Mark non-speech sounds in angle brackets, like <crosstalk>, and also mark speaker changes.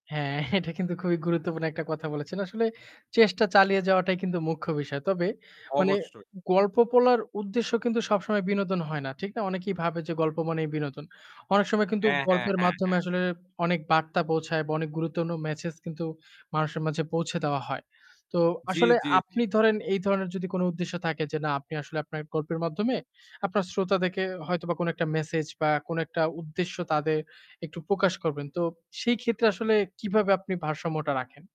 Speaker 1: হ্যাঁ, <chuckles> এটা কিন্তু খুবই গুরুত্বপূর্ণ একটা কথা বলেছেন। আসলে চেষ্টা চালিয়ে যাওয়াটাই কিন্তু মুখ্য বিষয়। তবে মানে
Speaker 2: অবশ্যই।
Speaker 1: গল্প বলার উদ্দেশ্য কিন্তু সবসময় বিনোদন হয় না। ঠিক না? অনেকেই ভাবে যে গল্প মানেই বিনোদন। অনেক সময় কিন্তু
Speaker 2: হ্যাঁ, হ্যাঁ,
Speaker 1: গল্পের
Speaker 2: হ্যাঁ,
Speaker 1: মাধ্যমে
Speaker 2: হ্যাঁ।
Speaker 1: আসলে অনেক বার্তা পৌঁছায় বা অনেক গুরুত্বপূর্ন মেসেজ কিন্তু মানুষের মাঝে পৌঁছে দেওয়া হয়। তো
Speaker 2: জ্বি,
Speaker 1: আসলে
Speaker 2: জ্বি, জ্বি।
Speaker 1: আপনি ধরেন এই ধরনের যদি কোন উদ্দেশ্য থাকে যে না আপনি আসলে আপনার গল্পের মাধ্যমে আপনার শ্রোতাদেরকে হয়তোবা কোন একটা মেসেজ বা কোন একটা উদ্দেশ্য তাদের একটু প্রকাশ করবেন। তো সেই ক্ষেত্রে আসলে কিভাবে আপনি ভারসাম্যটা রাখেন?